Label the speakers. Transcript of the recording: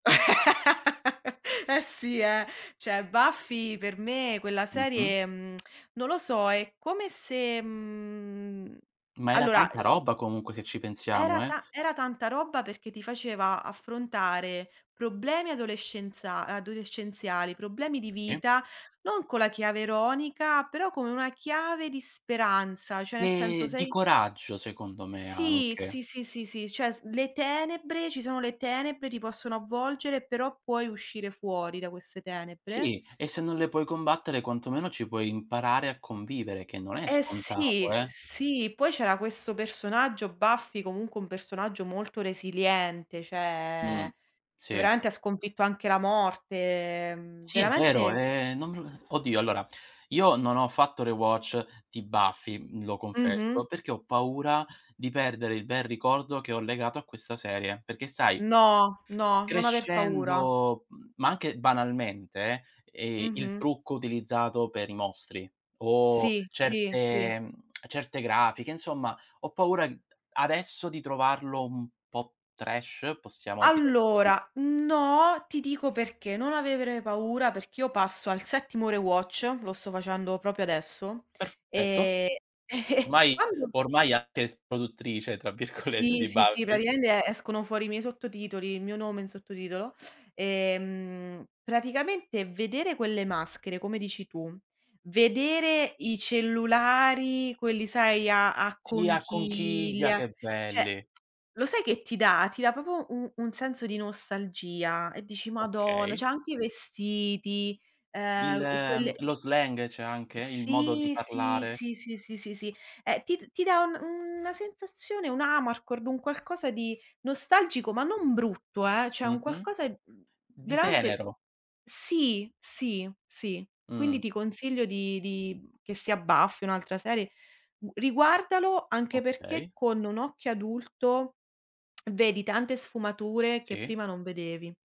Speaker 1: Eh sì, eh. Cioè Buffy per me quella
Speaker 2: Mh-mh.
Speaker 1: serie, mhmm, non lo so, è come se mhmm, mhmm
Speaker 2: Ma era
Speaker 1: allora,
Speaker 2: tanta
Speaker 1: uhm
Speaker 2: roba comunque se ci pensiamo
Speaker 1: Era
Speaker 2: eh.
Speaker 1: ta era tanta roba, perché ti faceva affrontare problemi adolescenza adolescenziali, problemi di
Speaker 2: Si.
Speaker 1: vita, non con la chiave ironica, però con una chiave di speranza. Cioè ne senso
Speaker 2: Ehm, di
Speaker 1: sei
Speaker 2: coraggio secondo me
Speaker 1: Sì,
Speaker 2: anche.
Speaker 1: sì, sì, sì, sì. Cioè s le tenebre ci sono le tenebre, ti possono avvolgere, però puoi uscire fuori da queste tenebre.
Speaker 2: Sì, e se non le puoi combattere, quantomeno ci puoi imparare a convivere che non è
Speaker 1: Eh
Speaker 2: scontato
Speaker 1: sì,
Speaker 2: eh!
Speaker 1: sì. Poi c'era questo personaggio, Buffy, comunque un personaggio molto resiliente,
Speaker 2: Mh,
Speaker 1: cioè che
Speaker 2: sì.
Speaker 1: veramente ha sconfitto anche la morte, ehm,
Speaker 2: Sì, è vero,
Speaker 1: veramente
Speaker 2: ehm, non me lo oddio, allora io non ho fatto rewatch di Buffy, lo
Speaker 1: Mh-mh.
Speaker 2: confesso, perché ho paura di perdere il bel ricordo che ho legato a questa serie, perché sai,
Speaker 1: No, no, non aver paura.
Speaker 2: crescendo mhmm, ma anche banalmente, eh, il
Speaker 1: Mh-mh.
Speaker 2: trucco utilizzato per i mostri, o
Speaker 1: Sì, sì, sì.
Speaker 2: certe certe grafiche, insomma ho paura, uhm, adesso di trovarlo un po' trash, possiamo dire così.
Speaker 1: Allora, no, ti dico perché non avere paura, perché io passo al settimo rewatch, lo sto facendo proprio adesso,
Speaker 2: Perfetto.
Speaker 1: ehm,
Speaker 2: Ormai
Speaker 1: quando
Speaker 2: ormai anche s "produttrice", tra virgolette,
Speaker 1: Sì,
Speaker 2: di
Speaker 1: sì, sì,
Speaker 2: Buffy.
Speaker 1: praticamente escono fuori i miei sottotitoli, il mio nome in sottotitolo. Ehm, praticamente vedere quelle maschere, come dici tu, vedere i cellulari, quelli sai, a a
Speaker 2: Sì, a conchiglia,
Speaker 1: conchiglia.
Speaker 2: che
Speaker 1: Cioè,
Speaker 2: belli!
Speaker 1: lo sai che ti dà? Ti dà proprio u un senso di nostalgia e dici: "Madonna!" Cioè
Speaker 2: Okay.
Speaker 1: anche i vestiti,
Speaker 2: Il
Speaker 1: ehm, u e quelle
Speaker 2: lo slang c'è anche, il modo di
Speaker 1: Sì, sì,
Speaker 2: parlare.
Speaker 1: sì, sì, sì, sì, sì. Ehm, ti d ti dà un una sensazione, un amarcord, un qualcosa di nostalgico, ma non brutto, eh, cioè un
Speaker 2: Mh-mh.
Speaker 1: qualcosa, uhm,
Speaker 2: Di
Speaker 1: veramente
Speaker 2: tenero.
Speaker 1: sì, sì, sì. Quindi
Speaker 2: Mh.
Speaker 1: ti consiglio di di che sia Buffy o un'altra serie u riguardalo anche perché
Speaker 2: Okay.
Speaker 1: con un occhio adulto, vedi tante sfumature che
Speaker 2: Sì.
Speaker 1: prima non vedevi.